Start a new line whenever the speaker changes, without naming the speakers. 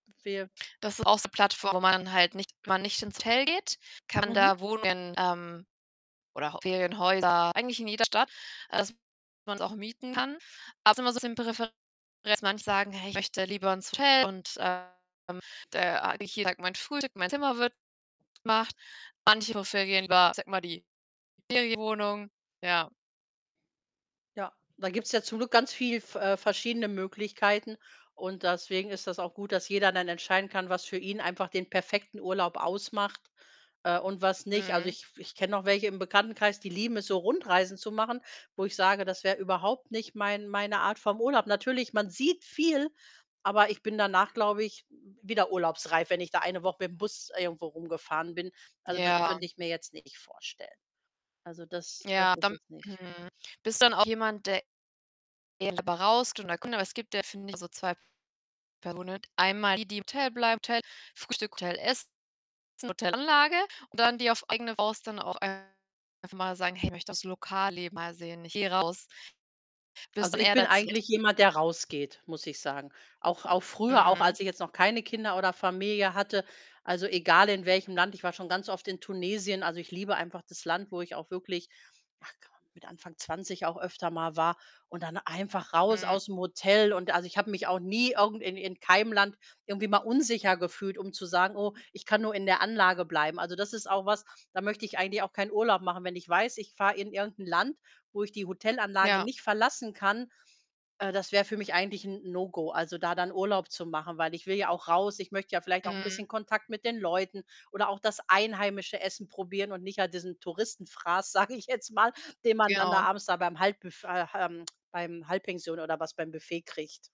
Wir
Das ist auch so Plattform, wo man halt nicht man nicht ins Hotel geht, kann
Mhm.
da Wohnungen, ähm, oder auch Ferienhäuser eigentlich in jeder Stadt. Das man’s auch mieten kann. Aber ist immer so 'n bisschen [unintelligible] das manche sagen: „Hey, ich möchte lieber ins Hotel.“ Und, äh, ähm, der [unintelligible] mein Frühstück, mein Zimmer wird gemacht. Manche Profile gehen über [unintelligible] die Ferienwohnung ja.
Ja. Da gibt‘s ja zum Glück ganz viel v äh, verschiedene Möglichkeiten und deswegen ist das auch gut, dass jeder dann entscheiden kann, was für ihn einfach den perfekten Urlaub ausmacht, äh, und was nicht. Also,
Mhm.
ich f ich kenne noch welche im Bekanntenkreis, die lieben es so, Rundreisen zu machen, wo ich sage, das wäre überhaupt nicht mein meine Art vom Urlaub. Natürlich, man sieht viel, aber ich bin danach, glaube ich, wieder urlaubsreif, wenn ich da eine Woche mit ‘m Bus irgendwo rumgefahren bin. Also, das
Ja.
könnte ich mir jetzt nicht vorstellen. Also, das das
Ja,
ist
dann
es nicht.
mhm. Bist dann auch jemand, der eher lieber [unintelligible] wenn der Kunde was gibt, der find [unintelligible] so 2 [unintelligible] einmal die, die im Hotel bleiben. Hotel, Frühstück, Hotel, Essen [unintelligible] Hotelanlage, und dann die auf eigene Faust dann auch einfach mal sagen: „Hey, ich möchte das Lokalleben mal sehen, ich gehe raus.“ Bist du
Also,
dann
ich
eher
bin
der 2.
eigentlich
Typ?
jemand, der rausgeht, muss ich sagen. Auch auch früher, auch
Mhm.
als ich jetzt noch keine Kinder oder Familie hatte, also, egal in welchem Land. Ich war schon ganz oft in Tunesien. Also, ich liebe einfach das Land, wo ich auch wirklich ach komm, mit Anfang 20 auch öfter mal war. Und dann einfach raus
Mhm.
aus dem Hotel und also, ich habe mich auch nie irgend in in keinem Land irgendwie mal unsicher gefühlt, um zu sagen: „Oh, ich kann nur in der Anlage bleiben.“ Also, das ist auch was, da möchte ich eigentlich auch keinen Urlaub machen. Wenn ich weiß, ich fahre in irgendein Land, wo ich die Hotelanlage
Ja.
nicht verlassen kann, äh, das wäre für mich eigentlich ‘n No-Go. Also, da dann Urlaub zu machen, weil ich will ja auch raus. Ich möchte ja vielleicht auch ‘n bisschen
Mhm.
Kontakt mit den Leuten oder auch das einheimische Essen probieren und nicht halt diesen Touristenfraß, sage ich jetzt mal, den man dann da
[unintelligible]
abends da beim Halbbüf ach, ähm, beim Halbpension oder was beim Buffet kriegt.